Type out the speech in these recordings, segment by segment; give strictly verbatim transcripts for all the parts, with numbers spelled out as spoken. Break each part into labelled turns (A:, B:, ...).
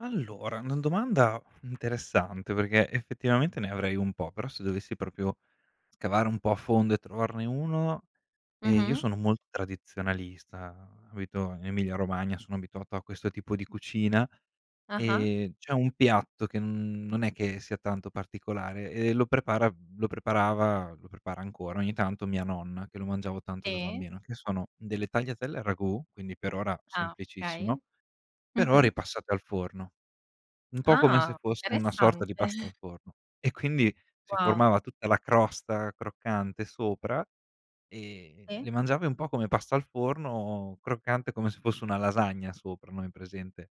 A: Allora, una domanda interessante, perché effettivamente ne avrei un po', però se dovessi propio scavare un po' a fondo e trovarne uno, ehm, io
B: Mh-mh.
A: sono mol tradizionalista, abito in Emilia Romagna, sono abituato a questo tipo di cucina,
B: Ah-ah.
A: ehm, c'è un piatto che n non è che sia tanto particolare e lo prepara lo preparava lo prepara ancora ogni tanto mia nonna, che lo mangiavo tanto da
B: Sì.
A: bambino, che sono delle tagliatelle al ragù, quindi per ora
B: Ah,
A: semplicissimo,
B: okay.
A: però
B: Mh-mh.
A: ripassate al forno. Un po' come se
B: Ah,
A: fosse una sorta di
B: interessante.
A: pasta al forno e quindi si
B: Wow.
A: formava tutta la crosta croccante sopra e
B: Sì.
A: le mangiavi un po' come pasta al forno, croccante come se fosse una lasagna sopra, no hai presente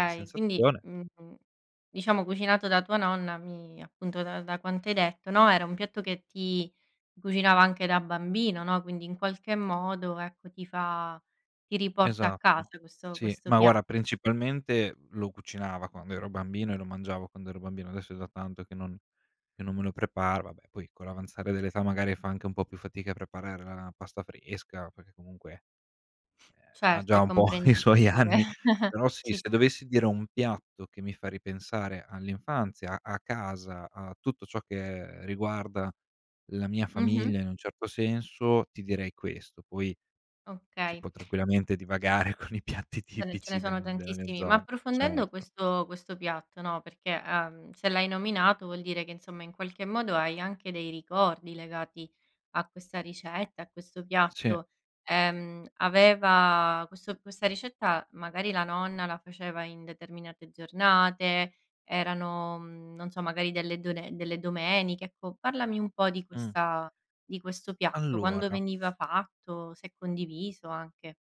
A: la
B: quindi
A: sensazione.
B: mh-mh, diciamo cucinato da tua nonna mi appunto da da quanto hai detto, no, era un piatto che ti cucinava anche da bambino, no, quindi in qualche modo ecco, ti fa ti riporta a
A: Esatto.
B: casa, questo
A: Sì,
B: questo
A: ma guara
B: piatto.
A: principalmente lo cucinava quando ero bambino e lo mangiavo quando ero bambino, adesso è da tanto che non che non me lo prepara, vabbè poi con l'avanzare dell'età magari fa anche un po' più fatica a preparare la la pasta fresca, perché comunque, ehm, ha
B: Certo,
A: già
B: è
A: un po' i suoi
B: comprensibile.
A: anni. Però sì,
B: Ci
A: se
B: sta.
A: dovessi dire un piatto che mi fa ripensare all'infanzia, a casa, a tutto ciò che riguarda la mia
B: Mh-mh.
A: famiglia in un certo senso, ti direi questo. Poi si
B: Okay.
A: può tranquillamente divagare con i piatti
B: Ce ne ce ne
A: tipici del
B: sono
A: mhmm, della mia
B: tantissimi, ma
A: zona,
B: approfondendo
A: certo.
B: questo questo piatto, no, perché, uhm, se l'hai nominato vuol dire che insomma in qualche modo hai anche dei ricordi legati a questa ricetta, a questo
A: Sì.
B: piatto, ehm, aveva questo questa ricetta, magari la nonna la faceva in determinate giornate, erano, mhmm, non so, magari delle done delle domeniche, ecco, parlami un po' di
A: Mh.
B: questa di questo piatto. Quando
A: Allora
B: veniva fatto, se condiviso anche.